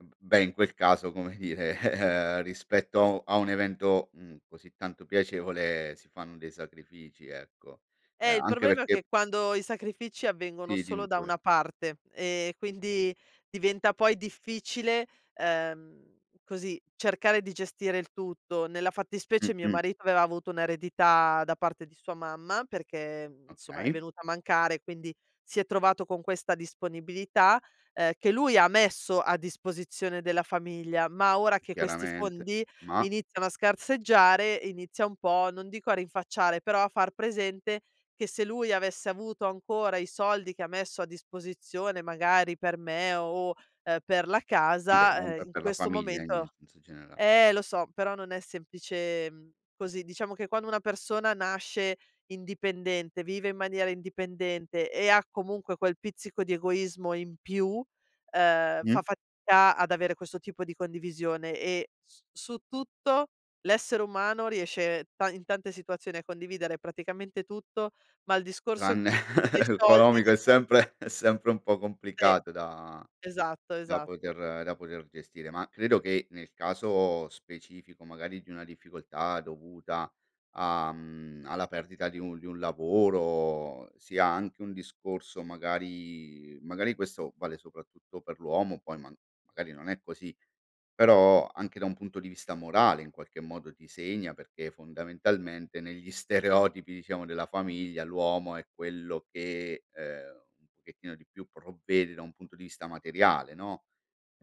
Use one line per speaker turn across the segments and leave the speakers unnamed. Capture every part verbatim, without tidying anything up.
Ehm, b beh, in quel caso, come dire, rispetto a u a un evento, mhmm, così tanto piacevole, si fanno dei sacrifici, ecco. Uhm,
Eh, il
anche
problema è che
perché
quando i sacrifici avvengono
Sì, dimmi
solo da
pure.
una parte, e quindi diventa poi difficile, ehm, così, cercare di gestire il tutto. Nella fattispecie, mio
Mh-mh.
marito aveva avuto un'eredità, da parte di sua mamma, perché, mhmm, nsomma, è
Okay.
venuta a mancare, quindi, si è trovato con questa disponibilità, ehm, che lui ha messo a disposizione della famiglia. Ma ora che questi
Chiaramente.
fondi,
Mah!
iniziano a scarseggiare, inizia un po', non dico a rinfacciare, però a far presente, che se lui avesse avuto ancora i soldi che ha messo a disposizione, magari per me, o, ehm, per la
Vabbè, è un
casa,
p
ehm,
è
in
per la
questo
famiglia, in in
momento
senso generale.
eh, lo so, però non è semplicem così. Diciamo che, quando una persona nasce indipendente, vive in maniera indipendente, e ha comunque quel pizzico di egoismo in più, ehm, fa
Mh.
fatca ad avere questo tipo di condivisione, e s su tutto, l'essere umano riesce ta in tante situazioni, a condividere praticamente tutto, ma il discorso
Tranne
dei soldi
economico è
[unintelligible]
sempre è sempre un po'
E
complicato da
esatto,
da
esatto.
poter da poter gestire; ma credo che, nel caso specifico, magari, di una difficoltà dovuta a mhmm, alla perdita di un di un lavoro, sia anche un discorso magari magari questo vale soprattutto per l'uomo, poi man magari non è così, però, anche da un punto di vista morale, in qualche modo, ti segna perché, fondamentalmente, negli stereotipi, diciamo, della famiglia, l'uomo è quello che, ehm, un pochettino di più provvede da un punto di vista materiale, no?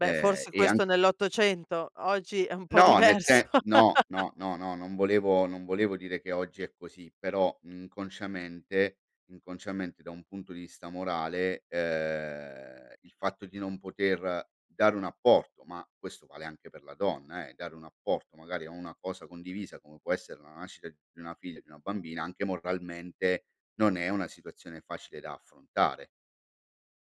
Beh, forse
e
questo
anche
nell'ottocento, oggi è un po'
no, nel
diverso.
se no, no, no, no, non volevo non volevo dire che oggi è così, però, inconsciamente inconsciamente, da un punto di vista morale, uhm, il fatto di non poter dare un apporto- ma, questo vale anche per la donna, eh- dare un apporto magari a una cosa condivisa, come può essere la nascita d di una figlia, di una bambina, anche moralmente, non è una situazione facile da affrontare.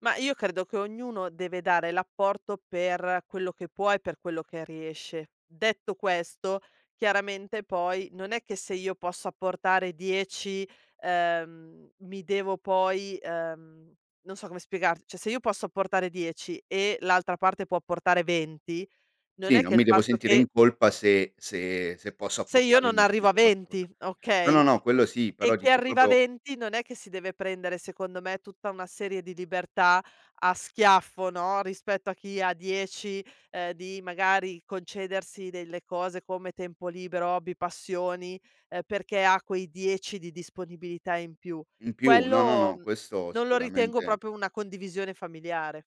Mah, io credo che ognuno deve dare l'apporto, per quello che può, e per quello che riesce. Detto questo, chiaramente poi, non è che se io posso apportare dieci, ehm, mi devo poi ehm, non so come spiegar ceh, se io posso apportare dieci e, l'altra parte può apportare venti, non
Sì,
è
non
che il
mi devo
fatto
sentire in
che
colpa se se se posso
se io
apportare il
non
massimo
arrivo a
[unintelligible]
venti,
no, no,
okay?
no, quello sì,
E
però,
chi
dico,
arriva a
propio
venti, non è che si deve prendere, secondo me, tutta una serie di libertà a schiaffo, no, rispetto a chi ha dieci, di, magari, concedersi delle cose, come tempo libero, hobby, passioni, perché ha quei dieci di disponibilità in più.
In più, no, no,
Quello,
no,
mhmm,
questo
non lo ritengo
sicuramente
propio una condivisione familiare.